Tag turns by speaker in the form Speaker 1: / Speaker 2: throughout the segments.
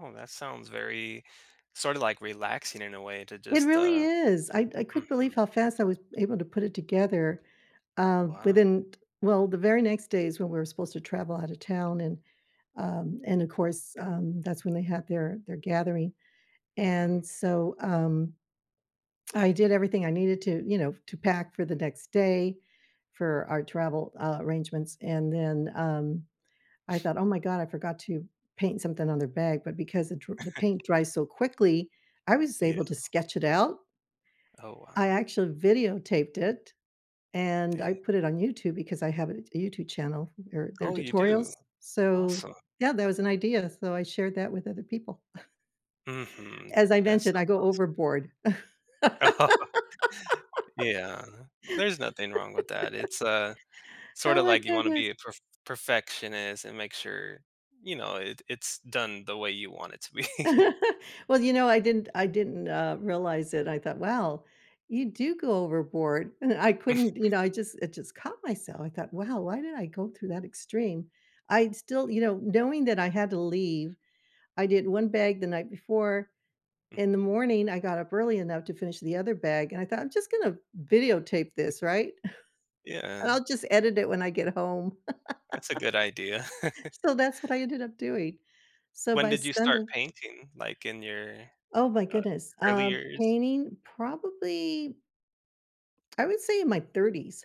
Speaker 1: Oh, that sounds very, sorta, like relaxing in a way to
Speaker 2: It
Speaker 1: just,
Speaker 2: really
Speaker 1: uh
Speaker 2: is. I I couldn't believe
Speaker 1: Mhm.
Speaker 2: how fast I was able to put it together, uh,
Speaker 1: Wow.
Speaker 2: within t well, the very next day is when we were supposed to travel out of town, and um, and of course, um, that's when they had their their gathering,
Speaker 1: Mhm.
Speaker 2: and so, um, I did everything I needed to you know, to pack for the next day for our travel, uh, arrangements, and then, um, I thought, "Oh my god, I forgot to paint something on their bag", but because the dr the paint dries so quickly, I was
Speaker 1: Yeah.
Speaker 2: able to sketch it out
Speaker 1: Oh,
Speaker 2: I
Speaker 1: wow.
Speaker 2: actually videotaped it, and I
Speaker 1: Dang.
Speaker 2: put it on YouTube- because I have a t YouTube channel, or they're
Speaker 1: Oh, you do?
Speaker 2: tutorials- so,
Speaker 1: Awesome.
Speaker 2: yeah, that was an idea, so I shared that with other people.
Speaker 1: Mhm.
Speaker 2: As I
Speaker 1: That's
Speaker 2: mentioned,
Speaker 1: so
Speaker 2: I go
Speaker 1: awes
Speaker 2: overboard.
Speaker 1: Oh. Yeah, there's nothing wrong with that. It's, uh, sorta,
Speaker 2: Oh my
Speaker 1: like you wanna
Speaker 2: goodness.
Speaker 1: be a perf perfectionist and make sure, you know, it it's done the way you want it to be.
Speaker 2: Well, you know, I didn't I didn't, uh, realize it. I thought, "Wow, you do go overboard," and then I couldn't you know, I just it just caught myself. I thought, "Wow, why did I go through that extreme?" I'd still, you know knowing that I had to leave, I did 1 bag the night before,
Speaker 1: Mm.
Speaker 2: in the morning, I got up early enough to finish the other bag, and I thought, "I'm just going to videotape
Speaker 1: Mm
Speaker 2: this, right, and
Speaker 1: Yeah.
Speaker 2: I'll just edit it when I get home".
Speaker 1: That's a good idea.
Speaker 2: So, that's what I ended up doing. So,
Speaker 1: When
Speaker 2: by
Speaker 1: did you start
Speaker 2: Sunday
Speaker 1: painting, like, in your,
Speaker 2: Oh my
Speaker 1: uh,
Speaker 2: goodness,
Speaker 1: early
Speaker 2: um,
Speaker 1: years?
Speaker 2: painting probably I would say in my 30s.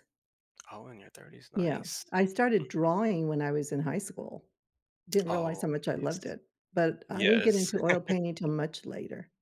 Speaker 1: Oh, in your 30s.
Speaker 2: Yeah,
Speaker 1: Nice.
Speaker 2: I
Speaker 1: Mhm.
Speaker 2: started drawing when I was in high school. Didn't realize
Speaker 1: Oh,
Speaker 2: how much I
Speaker 1: nice.
Speaker 2: loved it, but I didn't get
Speaker 1: Yes.
Speaker 2: into oil painting 'til much later.